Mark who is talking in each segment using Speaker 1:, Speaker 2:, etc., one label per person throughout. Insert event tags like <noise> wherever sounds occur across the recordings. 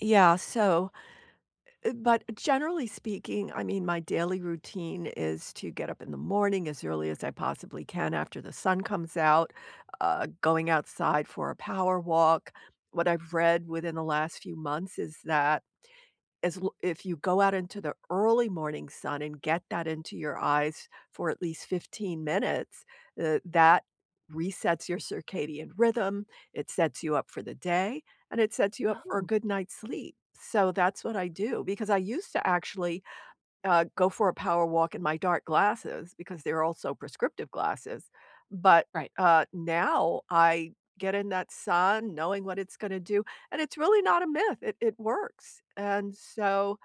Speaker 1: Yeah, so eh but, generally speaking, I mean, my daily routine is to get up in the morning as early as I possibly can after the sun comes out, uh, going outside for a power walk. What I've read within the last few months is that is l if you go out into the early morning sun and get that into your eyes for at least 15 minutes, uh, that resets your circadian rhythm, it sets you up for the day, and it sets you up for a
Speaker 2: Oh.
Speaker 1: good night's sleep. So that's what I do, because I used to actually, uh, go for a power walk in my dark glasses, because they're also prescriptive glasses, but,
Speaker 2: Right.
Speaker 1: uh, now I get in that sun knowing what it's gonna do, and it's really not a myth, it it works, and so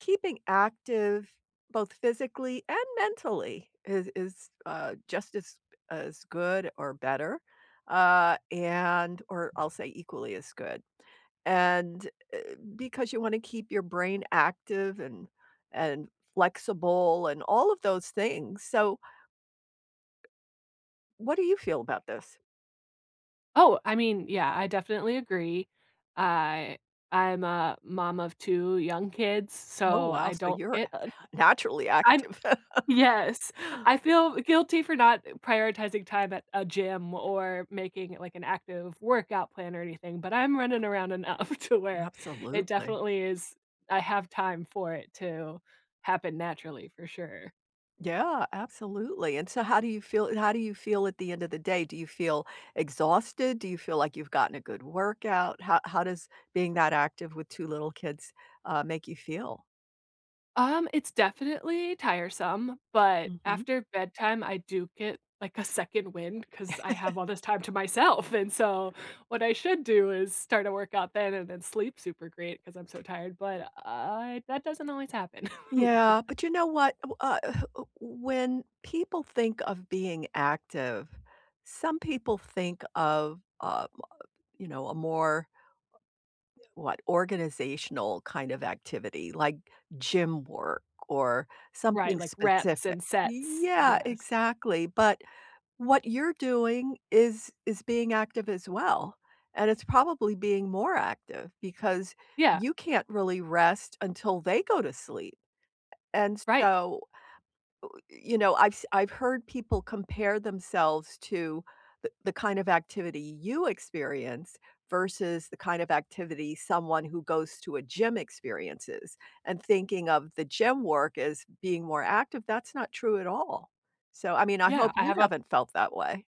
Speaker 1: keeping active, both physically and mentally is is, uh, just as as good or better, uh, and or I'll say equally as good, and, eh, because you wanna keep your brain active and and flexible and all of those things, so What do you feel about this?
Speaker 2: Oh, I mean, yeah, I definitely agree. I I'm a mom of 2 young kids,
Speaker 1: Oh,
Speaker 2: so
Speaker 1: wow,
Speaker 2: I
Speaker 1: so
Speaker 2: don't
Speaker 1: you're
Speaker 2: get, uh
Speaker 1: naturally
Speaker 2: I'm
Speaker 1: active. <chuckles>
Speaker 2: yes, I feel guilty for not prioritizing time at a gym or making it, like, an active workout plan or anything, but, I'm running around enough to where it
Speaker 1: Absolutely.
Speaker 2: definitely is I have time for it to happen naturally for sure.
Speaker 1: Yeah, absolutely. And so how do you feel how do you feel at the end of the day? Do you feel exhausted? Do you feel, like, you've gotten a good workout? How how does being that active with 2 little kids, uh, make you feel?
Speaker 2: Um, it's definitely tiresome, but,
Speaker 1: Mhm.
Speaker 2: after bedtime I do get, like, a second wind 'cause I have
Speaker 1: <chuckles>
Speaker 2: all this time to myself, and so what I should do is start a workout then and then sleep super great 'cause I'm so tired, but, I that doesn't always happen. <chuckles>
Speaker 1: Yeah, but, you know what, uh, when people think of being active, some people think of, uh, you know, a more what, organizational kind of activity, like, gym work or
Speaker 2: Right,
Speaker 1: something
Speaker 2: like, reps
Speaker 1: specific.
Speaker 2: and sets,
Speaker 1: Yeah,
Speaker 2: yes.
Speaker 1: exactly, but, what you're doing is is being active as well, and it's probably being more active because
Speaker 2: Yeah.
Speaker 1: you can't really rest until they go to sleep. And
Speaker 2: Right.
Speaker 1: so, you know, I've s I've heard people compare themselves to the the kind of activity you experience versus the kind of activity someone who goes to a gym experiences, and thinking of the gym work as being more active, that's not true at all. So, I mean, I
Speaker 2: Yeah,
Speaker 1: hope
Speaker 2: I
Speaker 1: you
Speaker 2: have a
Speaker 1: haven't felt that way.